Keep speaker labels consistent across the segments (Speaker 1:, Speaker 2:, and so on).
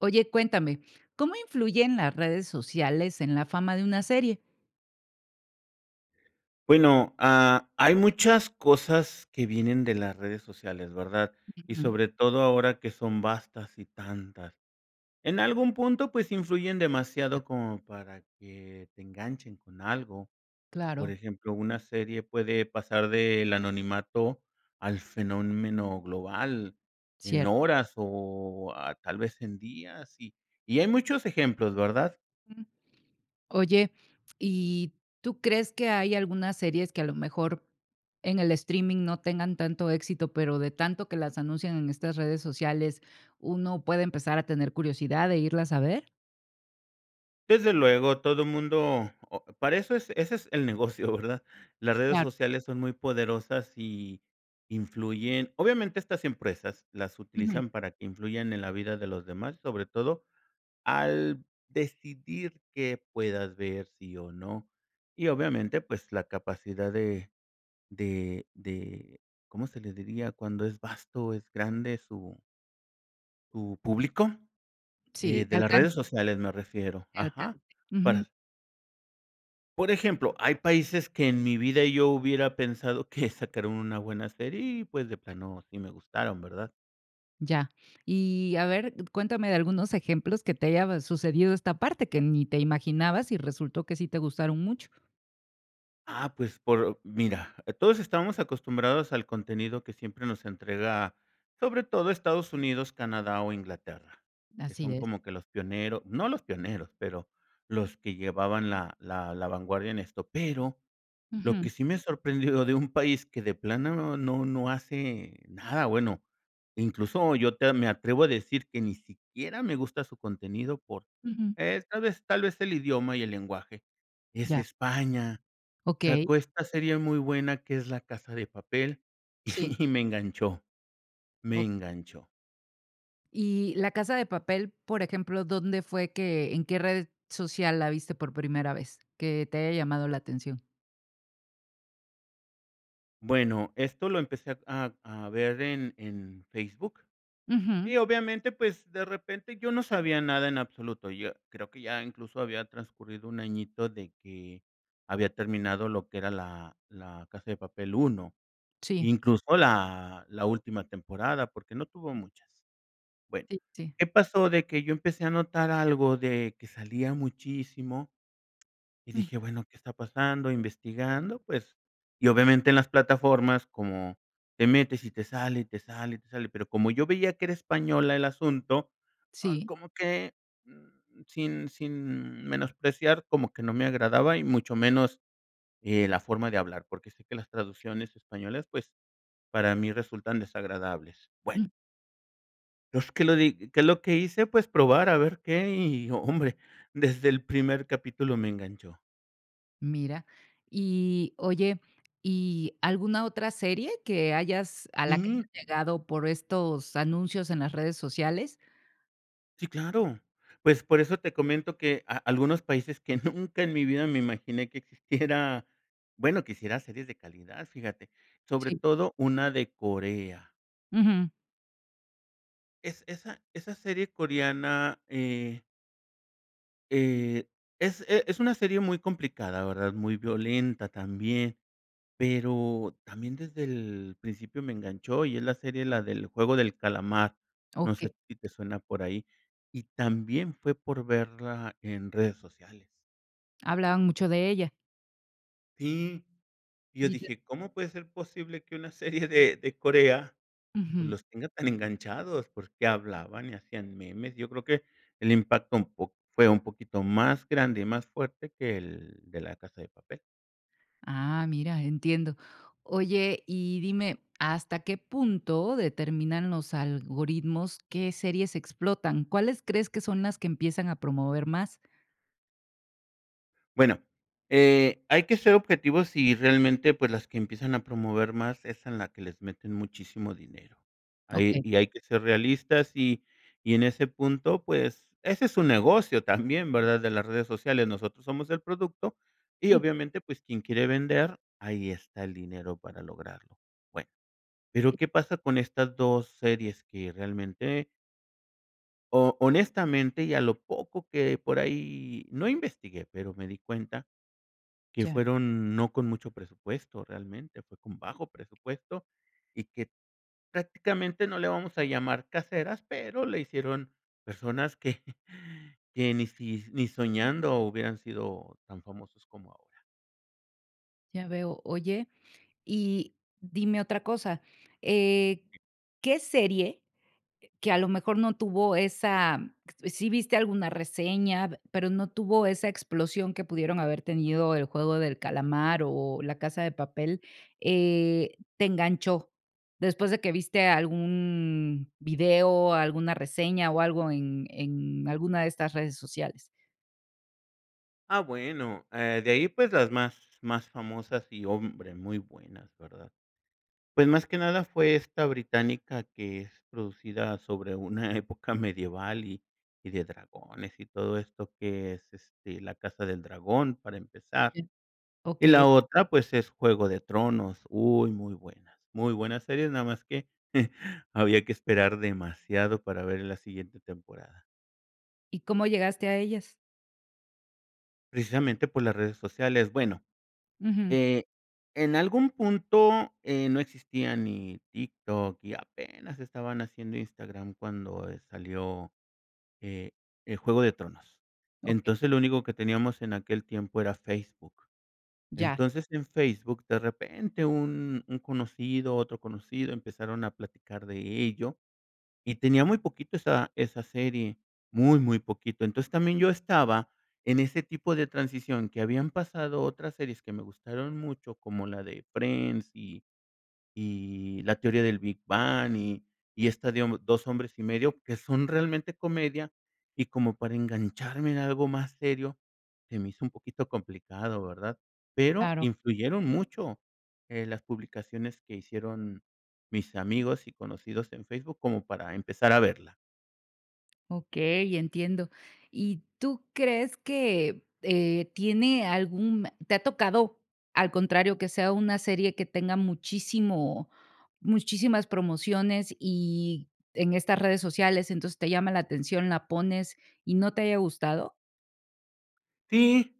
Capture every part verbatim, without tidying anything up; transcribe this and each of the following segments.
Speaker 1: Oye, cuéntame, ¿cómo influyen las redes sociales en la fama de una serie?
Speaker 2: Bueno, ah, hay muchas cosas que vienen de las redes sociales, ¿verdad? Y
Speaker 1: Ujú.
Speaker 2: sobre todo ahora que son vastas y tantas. En algún punto, pues influyen
Speaker 1: Ah.
Speaker 2: demasiado como para que, te enganchen con algo. Por
Speaker 1: Claro.
Speaker 2: ejemplo, una serie puede pasar del anonimato al fenómeno global en
Speaker 1: Cierto.
Speaker 2: horas o ah, tal vez en días y y hay muchos ejemplos, ¿verdad?
Speaker 1: Mm. Oye. ¿Y, tú crees que hay algunas series que, a lo mejor, en el streaming no tengan tanto éxito, pero de tanto que las anuncian en estas redes sociales, uno puede empezar a tener curiosidad de irlas a ver?
Speaker 2: Desde luego todo mundo o para eso es ese es el negocio, ¿verdad? Las redes
Speaker 1: Claro.
Speaker 2: sociales son muy poderosas y, influyen obviamente estas empresas las
Speaker 1: Ujú.
Speaker 2: utilizan para que influyan en la vida de los demás, sobre todo, al decidir qué puedas ver, sí o no, y
Speaker 1: Te.
Speaker 2: obviamente pues la capacidad de, de de, ¿cómo se le diría? Cuando es vasto, es grande su su público,
Speaker 1: Si,
Speaker 2: eh,
Speaker 1: te
Speaker 2: de las
Speaker 1: alcan.
Speaker 2: redes sociales me refiero,
Speaker 1: Te alcan
Speaker 2: ajá,
Speaker 1: ujú.
Speaker 2: para por ejemplo, hay países que en mi vida yo hubiera pensado que sacaron una buena serie y, pues, de plano, sí me gustaron, ¿verdad?
Speaker 1: Ya. Y, a ver, cuéntame de algunos ejemplos que te haya sucedido esta parte, que ni te imaginabas y resultó que sí te gustaron mucho.
Speaker 2: Ah, pues, por, mira, todos estamos acostumbrados al contenido que siempre nos entrega, sobre todo Estados Unidos, Canadá o Inglaterra, que
Speaker 1: Así
Speaker 2: son
Speaker 1: es.
Speaker 2: como que los pionero no los pioneros, pero los que llevaban la la la vanguardia en esto, pero lo que
Speaker 1: Ujú.
Speaker 2: sí me sorprendió de un país que de plano no no no hace nada bueno, incluso yo te me atrevo a decir que ni siquiera me gusta su contenido por
Speaker 1: Ujú.
Speaker 2: esta vez tal vez el idioma y el lenguaje, es
Speaker 1: Ya.
Speaker 2: España.
Speaker 1: Okey.
Speaker 2: Sacó esta serie muy buena que es La Casa de Papel
Speaker 1: Sí.
Speaker 2: y me enganchó, me
Speaker 1: Oh
Speaker 2: enganchó.
Speaker 1: Y, La Casa de Papel, por ejemplo, ¿dónde fue que, en qué red social la viste por primera vez, que te haya llamado la atención?
Speaker 2: Bueno, esto lo empecé a a ver en en Facebook.
Speaker 1: Ujú.
Speaker 2: Y obviamente, pues, de repente yo no sabía nada en absoluto. Yo creo que ya incluso había transcurrido un añito de que había terminado lo que era la, La Casa de papel 1,
Speaker 1: Sí.
Speaker 2: incluso la última temporada, porque no tuvo muchas. Bueno,
Speaker 1: Sí, sí.
Speaker 2: ¿qué pasó? De que yo empecé a notar algo de, que salía muchísimo. Y dije,
Speaker 1: Ujú.
Speaker 2: bueno, ¿qué está pasando? Investigando, pues, y obviamente en las plataformas como, te metes y te sale, y te sale, y te sale, pero como yo veía que era española el asunto, ah,
Speaker 1: Sí.
Speaker 2: como que, mm, sin sin menospreciar, como que no me agradaba y mucho menos, eh, la forma de hablar, porque sé que las traducciones españolas, pues, para mí resultan desagradables. Bueno
Speaker 1: Mm.
Speaker 2: pues, ¿qué lo di qué es lo que hice? Pues probar a ver qué y hombre, desde el primer capítulo me enganchó.
Speaker 1: Mira. Y, oye, ¿y alguna otra serie que hayas a la que
Speaker 2: Mm.
Speaker 1: llegado por estos anuncios en las redes sociales?
Speaker 2: Sí, claro. Pues, por eso te comento que a algunos países que nunca en mi vida me imaginé que existiera, bueno, que hiciera series de calidad, fíjate, sobre
Speaker 1: Sí.
Speaker 2: todo una de Corea.
Speaker 1: Ujú.
Speaker 2: Es esa esa serie coreana, eh eh, es, eh, es una serie muy complicada, ¿verdad?, muy violenta, también. Pero también, desde el principio me enganchó, y es la serie, la de El juego del calamar, no sé
Speaker 1: Okey.
Speaker 2: si te suena por ahí. Y también fue por verla en redes sociales.
Speaker 1: Hablaban mucho de ella.
Speaker 2: Sí, y yo
Speaker 1: Ni te.
Speaker 2: dije: "¿Cómo puede ser posible que una serie de de Corea, pues,
Speaker 1: Ujú.
Speaker 2: los tenga tan enganchados?". Porqué hablaban y hacían memes, yo creo que el impacto un po fue un poquito más grande y más fuerte que el de La casa de papel.
Speaker 1: Ah, mira, entiendo. Oye, y dime, ¿hasta qué punto determinan los algoritmos qué series explotan? ¿Cuáles crees que son las que empiezan a promover más?
Speaker 2: Bueno, eh, hay que ser objetivos y realmente, pues las que empiezan a promover más es en la que les meten muchísimo dinero. Ahí
Speaker 1: Okey.
Speaker 2: y hay que ser realistas y y en ese punto, pues, ese es su negocio también, ¿verdad?, de las redes sociales, nosotros somos el producto y,
Speaker 1: Mm.
Speaker 2: obviamente, pues, quien quiere vender, ahí está el dinero para lograrlo. Bueno, pero,
Speaker 1: Sí.
Speaker 2: ¿qué pasa con estas dos series?, que realmente o honestamente, y a lo poco que por ahí no investigué, pero me di cuenta, que
Speaker 1: Ya.
Speaker 2: fueron no con mucho presupuesto realmente, fue con bajo presupuesto, y que prácticamente, no le vamos a llamar caseras, pero le hicieron personas que que ni si ni soñando hubieran sido tan famosos como ahora.
Speaker 1: Ya veo. Oye, y dime otra cosa, eh, ¿qué serie, eh, que a lo mejor no tuvo esa sí viste alguna reseña, pero no tuvo esa explosión que pudieron haber tenido El juego del calamar o La casa de papel, eh, te enganchó?, después de que viste algún video, alguna reseña o algo en en alguna de estas redes sociales.
Speaker 2: Ah, bueno, eh, de ahí, pues las más más famosas y, hombre, muy buenas, ¿verdad?, pues, más que nada fue esta británica que es producida sobre una época medieval y y de dragones y todo esto, que es, este, La casa del dragón, para empezar.
Speaker 1: Sí,
Speaker 2: Y
Speaker 1: okey.
Speaker 2: la otra, pues es Juego de Tronos, uy, muy buenas, muy buenas series, nada más que había que esperar demasiado para ver la siguiente temporada.
Speaker 1: ¿Y cómo llegaste a ellas?
Speaker 2: Precisamente, por las redes sociales. Bueno,
Speaker 1: Ujú.
Speaker 2: eh, en algún punto, eh, no existía ni TikTok y apenas estaban haciendo Instagram cuando, eh, salió, eh, eh, Juego de Tronos.
Speaker 1: Okey.
Speaker 2: Entonces, lo único que teníamos en aquel tiempo era Facebook.
Speaker 1: Ya.
Speaker 2: Entonces, en Facebook, de repente, un un conocido, otro conocido empezaron a platicar de ello, y tenía muy poquito esa esa serie, muy, muy poquito, entonces, también yo estaba en ese tipo de transición, que habían pasado otras series que me gustaron mucho, como la de Friends y y La teoría del Big Bang y y esta, digamos, Dos hombres y medio, que son realmente comedia, y como para engancharme en algo más serio, se me hizo un poquito complicado, ¿verdad?, pero
Speaker 1: Claro.
Speaker 2: influyeron mucho, eh, las publicaciones que hicieron mis amigos y conocidos en Facebook como para empezar a verla.
Speaker 1: Okey, entiendo. ¿Y tú crees que eh, tiene algún te ha tocado, al contrario, que sea una serie que tenga muchísimo muchísimas promociones, y en estas redes sociales. Entonces, te llama la atención, la pones, y no te haya gustado?
Speaker 2: Sí.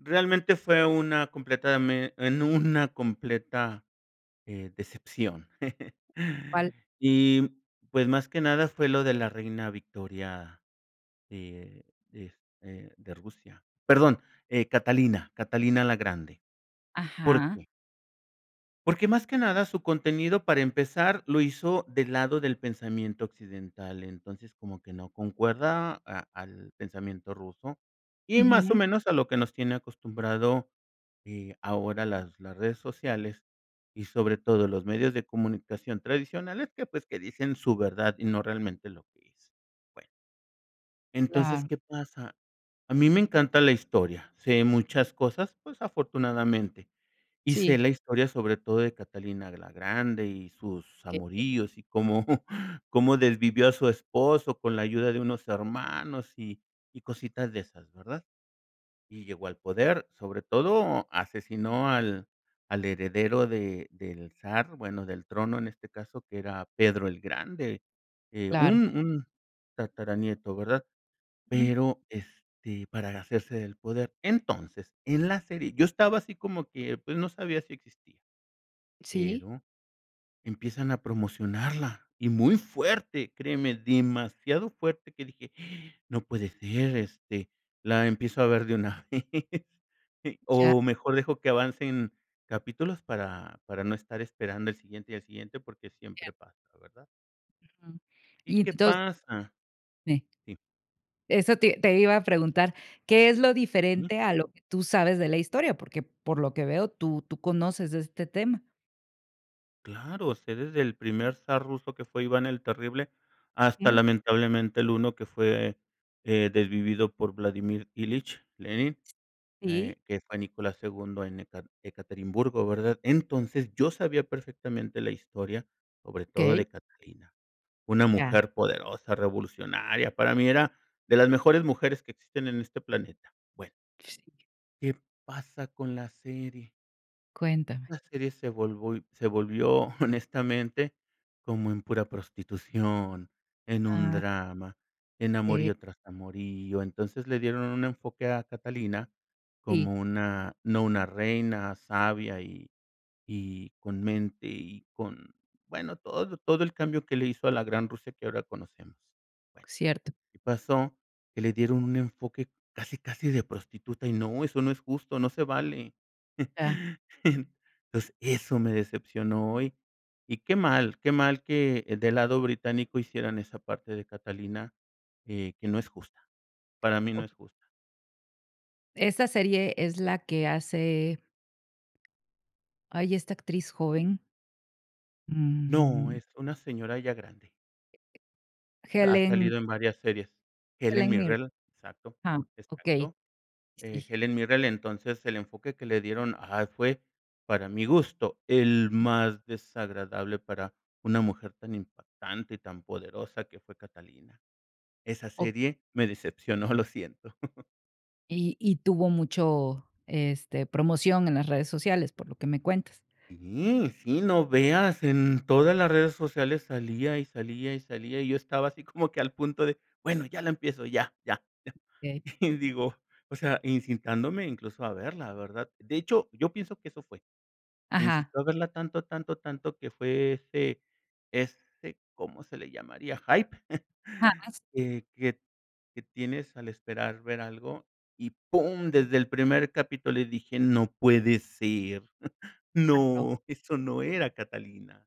Speaker 2: Realmente, fue una completame En una completa, eh, decepción.
Speaker 1: ¿Cuál?
Speaker 2: Y pues, más que nada, fue lo de la Reina Victoria, de de este, de Rusia, perdón, eh, Catalina, Catalina la Grande. ¿Por
Speaker 1: Ajá.
Speaker 2: qué? porque, más que nada, su contenido, para empezar, lo hizo del lado del pensamiento occidental. Entonces, como que no concuerda, a al pensamiento ruso. Y, más o
Speaker 1: Ujú.
Speaker 2: menos, a lo que nos tiene acostumbrado, eh, ahora las las redes sociales y, sobre todo, los medios de comunicación tradicionales, que, pues, que dicen su verdad, y no realmente lo que es. Bueno entonces,
Speaker 1: Claro.
Speaker 2: ¿qué pasa? A mí me encanta la historia, sé muchas cosas, pues, afortunadamente. Y
Speaker 1: Sí.
Speaker 2: sé la historia, sobre todo, de Catalina la Grande y sus
Speaker 1: Que [unintelligible]
Speaker 2: amoríos, y cómo cómo desvivió a su esposo, con la ayuda de unos hermanos, y y cositas de esas, ¿verdad? Y llegó al poder. Sobre todo, asesinó al al heredero de del zar. Bueno, del trono, en este caso, que era Pedro el Grande, eh,
Speaker 1: Claro.
Speaker 2: un un tataranieto, ¿verdad?
Speaker 1: Mm.
Speaker 2: Pero, este, para hacerse del poder. Entonces, en la serie, yo estaba así como que pues, no sabía si existía.
Speaker 1: Sí.
Speaker 2: Pero empiezan a promocionarla, y muy fuerte, créeme, demasiado fuerte, que dije: "No puede ser. Este, la empiezo a ver de una vez.
Speaker 1: Ya.
Speaker 2: O mejor dejo que avancen capítulos, para para no estar esperando el siguiente, y al siguiente", porque
Speaker 1: Ya.
Speaker 2: siempre pasa, ¿verdad?
Speaker 1: Ujú.
Speaker 2: ¿Y
Speaker 1: Y
Speaker 2: qué
Speaker 1: entons
Speaker 2: pasa?
Speaker 1: Eh
Speaker 2: Sí.
Speaker 1: Eso te te iba a preguntar, ¿qué es lo
Speaker 2: Mm.
Speaker 1: diferente a lo que tú sabes de la historia? Porque, por lo que veo, tú tú conoces de este tema.
Speaker 2: Claro, sé desde el primer zar ruso que fue Iván el terrible hasta
Speaker 1: Mm.
Speaker 2: lamentablemente el uno que fue, eh, desvivido por Vladimir Ilich Lenin,
Speaker 1: Sí.
Speaker 2: eh, que es Fanny Cola Segundo en Ekar Ekaterimburgo, ¿verdad?, entonces, yo sabía perfectamente la historia, sobre todo
Speaker 1: Okey.
Speaker 2: de Catalina, una
Speaker 1: Ya.
Speaker 2: mujer poderosa, revolucionaria, para mí era de las mejores mujeres que existen en este planeta, bueno
Speaker 1: [unintelligible]
Speaker 2: ¿qué pasa con la serie?
Speaker 1: Cuéntame.
Speaker 2: La serie se volvói se volvió, honestamente, como en pura prostitución, en un
Speaker 1: Ah.
Speaker 2: drama, en
Speaker 1: Eh.
Speaker 2: amorío tras amorío, entonces, le dieron un enfoque a Catalina
Speaker 1: Sí.
Speaker 2: como una, no una reina sabia y y con mente y con, bueno, todo todo el cambio que le hizo a la gran Rusia que ahora conocemos, bueno,
Speaker 1: Cierto.
Speaker 2: y pasó que le dieron un enfoque casi, casi de prostituta y no, eso no es justo, no se vale,
Speaker 1: Ya.
Speaker 2: entonces, eso me decepcionó hoy, y qué mal, qué mal que el del lado británico hicieran esa parte de Catalina que que no es justa, para mí no es
Speaker 1: Okey.
Speaker 2: justa.
Speaker 1: Esa serie es la que hace ay, esta actriz joven.
Speaker 2: No,
Speaker 1: Mm.
Speaker 2: es una señora ya grande. Ha
Speaker 1: Helen
Speaker 2: salido en varias series, Helen
Speaker 1: Helen Mir.
Speaker 2: Mirrell, exacto,
Speaker 1: Ah, okey,
Speaker 2: exacto, eh,
Speaker 1: sí.
Speaker 2: Helen Mirrell, entonces el enfoque que le dieron a él fue, para mi gusto, el
Speaker 1: Sí.
Speaker 2: más desagradable para una mujer tan impactante y tan poderosa que fue Catalina. Esa
Speaker 1: Okey.
Speaker 2: serie me decepcionó, lo siento.
Speaker 1: Y y tuvo mucho, este, promoción en las redes sociales, por lo que me cuentas.
Speaker 2: Sí, sí, no veas, en todas las redes sociales salía y salía y salía, y yo estaba así como que al punto de: "Bueno, ya la empiezo, ya, ya,
Speaker 1: Okey.
Speaker 2: ya", y digo, o sea, incitándome incluso a verla, ¿verdad?, de hecho, yo pienso que eso fue. Me
Speaker 1: Ajá.
Speaker 2: incitó a verla tanto, tanto, tanto que fue ese ese, ¿cómo se le llamaría?, hype
Speaker 1: Jamás.
Speaker 2: que que que tienes al esperar ver algo y pum desde el primer capítulo le dije: "No puede ser,
Speaker 1: Claro.
Speaker 2: no, eso no era Catalina".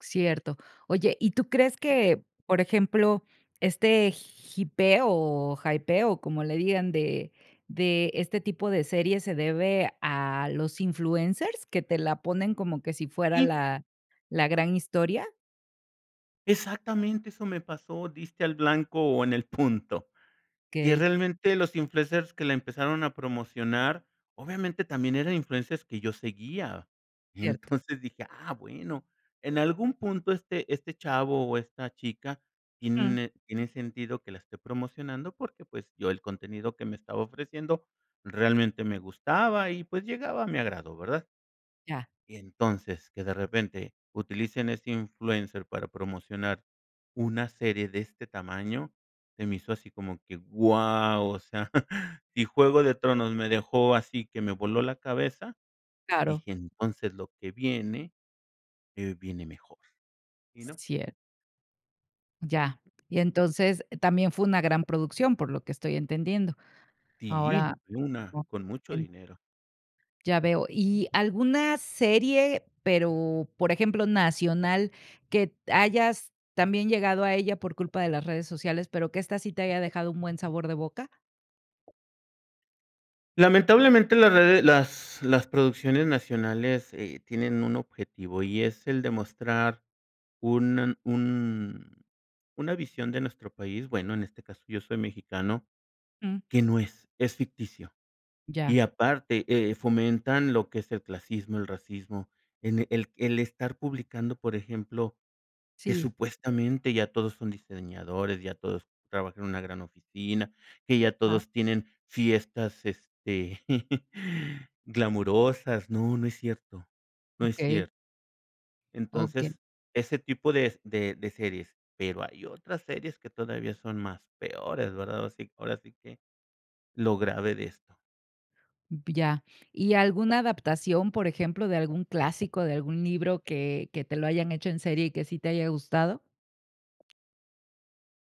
Speaker 1: Cierto. Oye, ¿y tú crees que, por ejemplo, este jipeo o hypeo, o como le digan, de de este tipo de series se debe a los influencers que te la ponen como que si fuera
Speaker 2: Sí.
Speaker 1: la la gran historia?
Speaker 2: Exactamente eso me pasó, diste al blanco o en el punto, que
Speaker 1: Okey.
Speaker 2: realmente los influencers que la empezaron a promocionar, obviamente, también eran influencers que yo seguía, y
Speaker 1: Cierto.
Speaker 2: entonces dije: "Ah, bueno, en algún punto este este chavo o esta chica
Speaker 1: Ujú.
Speaker 2: tiene tiene sentido que la esté promocionando", porque, pues yo, el contenido que me estaba ofreciendo realmente me gustaba y, pues, llegaba a mi agrado, ¿verdad?
Speaker 1: Ya.
Speaker 2: Y entonces, que de repente utilicen a este influencer para promocionar una serie de este tamaño, se me hizo así como que guau, o sea, si Juego de Tronos me dejó así que me voló la cabeza,
Speaker 1: Claro.
Speaker 2: dije: "Entonces lo que viene, eh viene mejor", y no.
Speaker 1: [unintelligible] Ya.
Speaker 2: Ujú.
Speaker 1: Y entonces, también fue una gran producción, por lo que estoy entendiendo.
Speaker 2: Sí,
Speaker 1: Ahora,
Speaker 2: una
Speaker 1: o
Speaker 2: con mucho
Speaker 1: en.
Speaker 2: dinero.
Speaker 1: Ya veo, ¿y alguna serie, pero, por ejemplo, nacional, que t hayas también llegado a ella por culpa de las redes sociales, pero que esta sí te haya dejado un buen sabor de boca?
Speaker 2: Lamentablemente las rede las las producciones nacionales, eh, tienen un objetivo y es el demostrar un un una visión de nuestro país, bueno, en este caso yo soy mexicano,
Speaker 1: Mm.
Speaker 2: que no es, es ficticio,
Speaker 1: Ya.
Speaker 2: y aparte, eh, fomentan lo que es el clasismo, el racismo, en e el el estar publicando, por ejemplo, que
Speaker 1: Sí.
Speaker 2: supuestamente, ya todos son diseñadores, ya todos trabajan en una gran oficina, que ya
Speaker 1: Ah.
Speaker 2: todos tienen fiestas, este, glamorosas. No, no es cierto, no es
Speaker 1: Okey.
Speaker 2: cierto.
Speaker 1: O que.
Speaker 2: Entonces, ese tipo de s de de series, pero hay otras series que todavía son más peores ¿verdad?, ahora sí ahora sí que lo grave de esto.
Speaker 1: B ya. ¿Y alguna adaptación, por ejemplo, de algún clásico, de algún libro que que te lo hayan hecho en serie y que sí te haya gustado?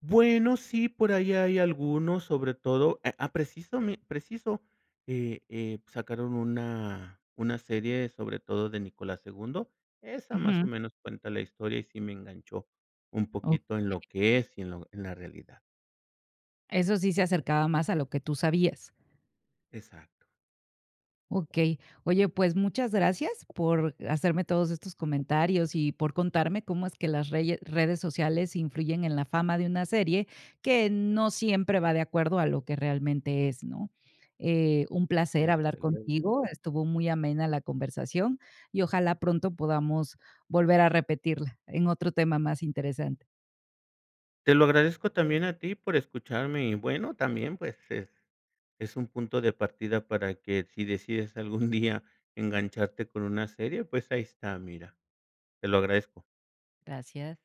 Speaker 2: Bueno, sí, por ahí hay algunos, sobre todo, a a precisame preciso, eh eh, sacaron una una serie sobre todo de Nicolás II, esa más o
Speaker 1: Ujú.
Speaker 2: menos cuenta la historia y sí me enganchó un poquito en
Speaker 1: Okey.
Speaker 2: lo que es y en lo en la realidad.
Speaker 1: Eso sí se acercaba más a lo que tú sabías.
Speaker 2: Exacto.
Speaker 1: Okey. Oye, pues muchas gracias por hacerme todos estos comentarios y por contarme cómo es que las reye redes sociales influyen en la fama de una serie que no siempre va de acuerdo a lo que realmente es, ¿no? Eh, un placer
Speaker 2: Sí,
Speaker 1: hablar
Speaker 2: desde luego.
Speaker 1: contigo, estuvo muy amena la conversación, y ojalá pronto podamos volver a repetirla en otro tema más interesante.
Speaker 2: Te lo agradezco también a ti por escucharme y bueno también pues es es un punto de partida para que si decides algún día engancharte con una serie pues ahí está mira. Te lo agradezco.
Speaker 1: Gracias.